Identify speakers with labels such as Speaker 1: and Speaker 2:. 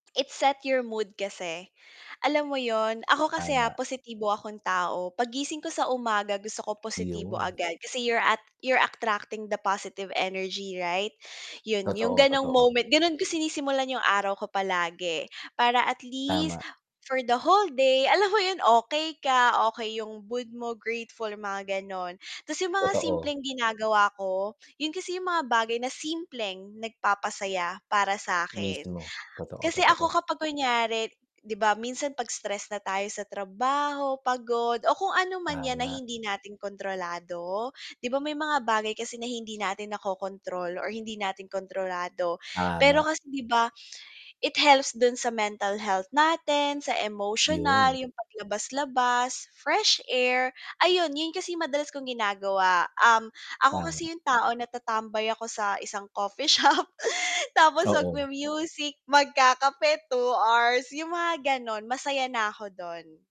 Speaker 1: It set your mood kasi, alam mo 'yon. Ako kasi, ha,
Speaker 2: Tama.
Speaker 1: positibo akong tao. 'Pag gising ko sa umaga, gusto ko positibo
Speaker 2: Yon.
Speaker 1: agad, kasi you're at you're attracting the positive energy, right? 'Yon, 'yong
Speaker 2: Totoo,
Speaker 1: gano'ng
Speaker 2: totoo.
Speaker 1: moment. Gano'n ko sinisimulan 'yong araw ko palagi. Para at least
Speaker 2: Tama.
Speaker 1: for the whole day, alam mo 'yon okey ka, okey 'yong mood mo, grateful mga gano'n. Tas 'yong mga
Speaker 2: Totoo.
Speaker 1: simpleng ginagawa ko, 'yon kasi 'yong mga bagay na simpleng nagpapasaya para sa 'kin.
Speaker 2: Mismo. Totoo,
Speaker 1: Kasi
Speaker 2: totoo.
Speaker 1: ako kapag kunwari, 'di ba minsan 'pag stress na tayo sa trabaho, pagod o kung ano man 'yan na
Speaker 2: Tama.
Speaker 1: hindi natin kontrolado. 'Di ba may mga bagay kasi na hindi natin nako-control or hindi natin kontrolado, pero
Speaker 2: Tama.
Speaker 1: kasi 'di ba? It helps do'n sa mental health natin, sa emotional,
Speaker 2: 'Yon.
Speaker 1: 'yong paglabas-labas, fresh air. Ayun, 'yon kasi 'yong madalas kong ginagawa, um, ako
Speaker 2: Tama.
Speaker 1: kasi 'yong tao na tatambay ako sa isang coffee shop, tapos
Speaker 2: Oo.
Speaker 1: magmu-music, magkakape, 2 hours, 'yong mga gano'n. Masaya na ako do'n.